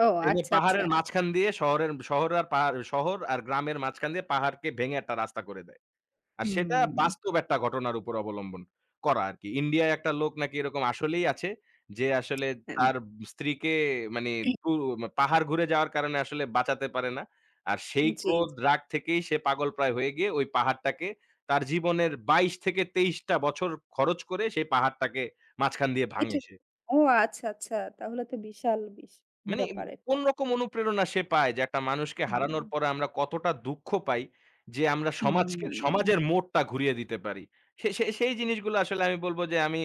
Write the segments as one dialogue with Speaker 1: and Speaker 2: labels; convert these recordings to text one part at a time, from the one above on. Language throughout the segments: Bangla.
Speaker 1: ও
Speaker 2: দেখবেন
Speaker 1: আচ্ছা, আচ্ছা।
Speaker 2: পাহাড়ের মাঝখান দিয়ে শহরের শহর আর পাহাড়, শহর আর গ্রামের মাঝখান দিয়ে পাহাড়কে ভেঙে একটা রাস্তা করে দেয়। আর সেটা
Speaker 1: হুম।
Speaker 2: বাস্তব একটা ঘটনার উপর অবলম্বন করা আরকি। ইন্ডিয়ায় একটা লোক নাকি এরকম আসলেই আছে যে আসলে
Speaker 1: হ্যাঁ,
Speaker 2: তার
Speaker 1: ম
Speaker 2: স্ত্রীকে মানি পুর পাহাড় ঘুরে যাওয়ার কারণে আসলে বাঁচাতে পারে না। আর সেই
Speaker 1: জি,
Speaker 2: ক্রোধ,
Speaker 1: জি।
Speaker 2: রাগ থেকেই সে পাগলপ্রায় হয়ে গিয়ে ওই পাহাড়টাকে তার জীবনের ২২-২৩ টা বছর খরচ করে সেই পাহাড়টাকে মাঝখান দিয়ে ভাঙে
Speaker 1: এটা
Speaker 2: সে
Speaker 1: ও আচ্ছা, আচ্ছা তাহলে তো বিশাল বিস
Speaker 2: মানে
Speaker 1: ব্যাপার এটা।
Speaker 2: কোন রকম অনুপ্রেরণা সে পায় যে একটা মানুষকে
Speaker 1: হুম।
Speaker 2: হারানোর পরে আমরা কতটা দুঃখ পাই যে আমরা
Speaker 1: হুম,
Speaker 2: সমাজকে
Speaker 1: হুম।
Speaker 2: সমাজের মোড়টা ঘুরিয়ে দিতে পারি? সে সে সেই জিনিসগুলা আসলে আমি বলব যে আমি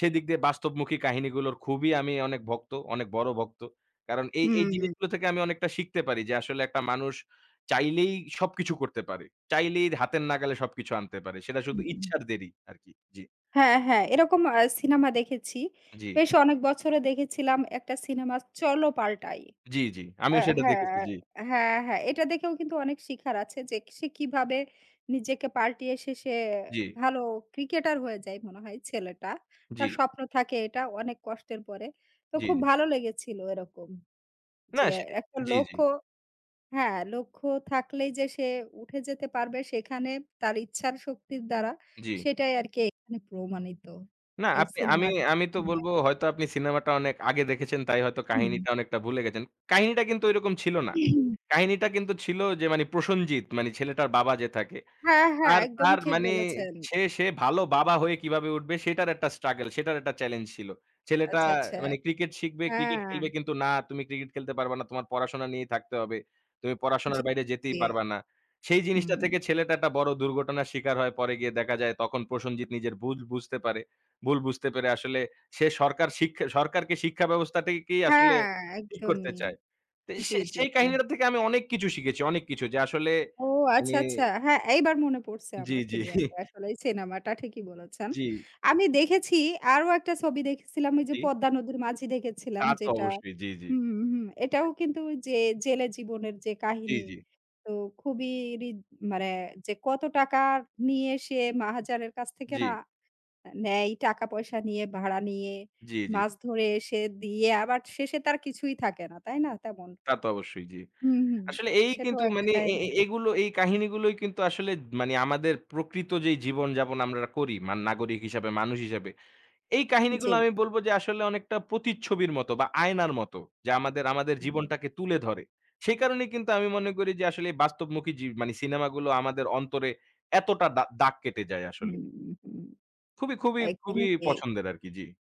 Speaker 2: সেদিক দিয়ে বাস্তবমুখী কাহিনীগুলোর খুবই আমি অনেক ভক্ত, অনেক বড় ভক্ত। কারণ এই এই
Speaker 1: হুম।
Speaker 2: জিনিসগুলো থেকে আমি অনেকটা শিখতে পারি যে আসলে একটা মানুষ চাইলেই সবকিছু করতে পারে। চাইলেই হাতের নাগালে সবকিছু আনতে পারে সেটা
Speaker 1: হুম,
Speaker 2: শুধু
Speaker 1: হুম।
Speaker 2: ইচ্ছার দেরি আরকি জি।
Speaker 1: হ্যাঁ, হ্যাঁ এরকম আ সিনেমা দেখেছি।
Speaker 2: জি।
Speaker 1: বেশ অনেক বছরে দেখেছিলাম একটা সিনেমা 'চলো পাল্টাই।'
Speaker 2: জি, জি
Speaker 1: আ
Speaker 2: আমিও সেটা দেখেছি
Speaker 1: হ্যাঁ,
Speaker 2: জি।
Speaker 1: হ্যাঁ, হ্যাঁ এটা দেখেও কিন্তু অনেক শিখার আছে যে সে কিভাবে নিজেকে পাল্টিয়ে শেষে
Speaker 2: জি।
Speaker 1: ভালো ক্রিকেটার হয়ে যায় মনে হয় ছেলেটা। তার
Speaker 2: জি।
Speaker 1: স্বপ্ন থাকে এটা অনেক কষ্টের পরে। তো
Speaker 2: জি,
Speaker 1: খুব
Speaker 2: জি।
Speaker 1: ভালো লেগেছিল এরকম।
Speaker 2: না
Speaker 1: যে
Speaker 2: সে
Speaker 1: একটা
Speaker 2: জি, জি।
Speaker 1: লক্ষ্য হ্যাঁ লক্ষ্য থাকলেই যে সে উঠে যেতে পারবে সেখানে তার ইচ্ছার শক্তির দ্বারা
Speaker 2: জি।
Speaker 1: সেটাই আরকি এখানে প্রমাণিত
Speaker 2: না
Speaker 1: এই
Speaker 2: আপনি, আমি
Speaker 1: সিনেমা
Speaker 2: আমি তো
Speaker 1: জুড়ে।
Speaker 2: বলব হয়তো আপনি সিনেমাটা অনেক আগে দেখেছেন তাই হয়তো
Speaker 1: হুম।
Speaker 2: কাহিনীটা অনেকটা ভুলে গেছেন কাহিনীটা কিন্তু এরকম ছিল না। কাহিনীটা কিন্তু ছিল যে মানি প্রসঞ্জিত মানি ছেলেটার বাবা যে থাকে
Speaker 1: হ্যাঁ, হ্যাঁ,
Speaker 2: তার
Speaker 1: একদমই
Speaker 2: তার
Speaker 1: ঠিক
Speaker 2: মানি
Speaker 1: বলেছেন।
Speaker 2: সে সে ভালো বাবা হয়ে কিভাবে উঠবে সেটার একটা struggle, সেটার একটা challenge ছিল। ছেলেটা
Speaker 1: আচ্ছা, আচ্ছা
Speaker 2: মানি cricket শিখবে, cricket খেলবে
Speaker 1: হ্যাঁ।
Speaker 2: কিন্তু না তুমি cricket খেলতে পারবা না, তোমার পড়াশোনা নিয়েই থাকতে হবে, তুমি
Speaker 1: জি,
Speaker 2: পড়াশোনার বাইরে যেতেই
Speaker 1: জি
Speaker 2: পারবা না। সেই
Speaker 1: হুম।
Speaker 2: জিনিসটা থেকে ছেলেটা একটা বড় দুর্ঘটনার শিকার হয়। পরে গিয়ে দেখা যায় তখন প্রসঞ্জিত নিজের ভুল বুঝতে পারে। ভুল বুঝতে পেরে আসলে সে সরকার সিক সরকারকে শিক্ষা ব্যবস্থাটাকেই আসলে
Speaker 1: হ্যাঁ,
Speaker 2: ঠিক করতে
Speaker 1: একদমই
Speaker 2: চায়।
Speaker 1: জি,
Speaker 2: সে
Speaker 1: জি,
Speaker 2: সেই
Speaker 1: জি।
Speaker 2: কাহিনীর থেকে আমি অনেক কিছু শিখেছি, অনেক কিছু যে আসলে
Speaker 1: ও আচ্ছা,
Speaker 2: মানি
Speaker 1: আচ্ছা, হ্যাঁ এইবার মনে পড়ছে
Speaker 2: জি,
Speaker 1: আমার
Speaker 2: জি।
Speaker 1: ক্লিয়ার আসলেই সিনেমাটা ঠিকই বলেছেন।
Speaker 2: জি।
Speaker 1: আমি দেখেছি আরও একটা ছবি দেখেছিলাম ঐ যে
Speaker 2: জি।
Speaker 1: 'পদ্মা নদীর মাঝি' দেখেছিলাম
Speaker 2: তা তো
Speaker 1: যেটা
Speaker 2: অবশ্যই জি, জি।
Speaker 1: হুম, হুম। এটাও
Speaker 2: [unintelligible]
Speaker 1: কিন্তু ঐ যে জেলে জীবনের যে
Speaker 2: জি,
Speaker 1: কাহিনী,
Speaker 2: জি।
Speaker 1: তো খুবই রি মানে যে কত টাকা নিয়ে সে মহাজনের কাছ থেকে না
Speaker 2: জি।
Speaker 1: নেয় টাকা পয়সা নিয়ে, ভাড়া নিয়ে,
Speaker 2: জি, জি।
Speaker 1: মাছ ধরে এসে দিয়ে আবার শেষে তার কিছুই থাকে না, তাই না? তেমন।
Speaker 2: তা তো অবশ্যই জি।
Speaker 1: হুম, হুম।
Speaker 2: আসলে এই
Speaker 1: সেটাও
Speaker 2: কিন্তু
Speaker 1: একটা
Speaker 2: মানি এ
Speaker 1: কাহিনী।
Speaker 2: এগুলো, এই কাহিনীগুলোই কিন্তু আসলে মানি আমাদের প্রকৃত যে জীবনযাপন আমরা করি মান নাগরিক হিসেবে, মানুষ হিসেবে এই কাহিনীগুলো
Speaker 1: জি।
Speaker 2: আমি বলব যে আসলে অনেকটা প্রতিচ্ছবির মতো বা আয়নার মতো যে আমাদের আমাদের
Speaker 1: হুম।
Speaker 2: জীবনটাকে তুলে ধরে। সেই কারণেই কিন্তু আমি মনে করি যে আসলে বাস্তবমুখী জি মানি সিনেমাগুলো আমাদের অন্তরে এতটা দা দাগ কেটে যায় আসলে।
Speaker 1: হুম, হুম
Speaker 2: খুবই, খুবই, খুবই
Speaker 1: একদমই ঠিক।
Speaker 2: পছন্দের আরকি। জি।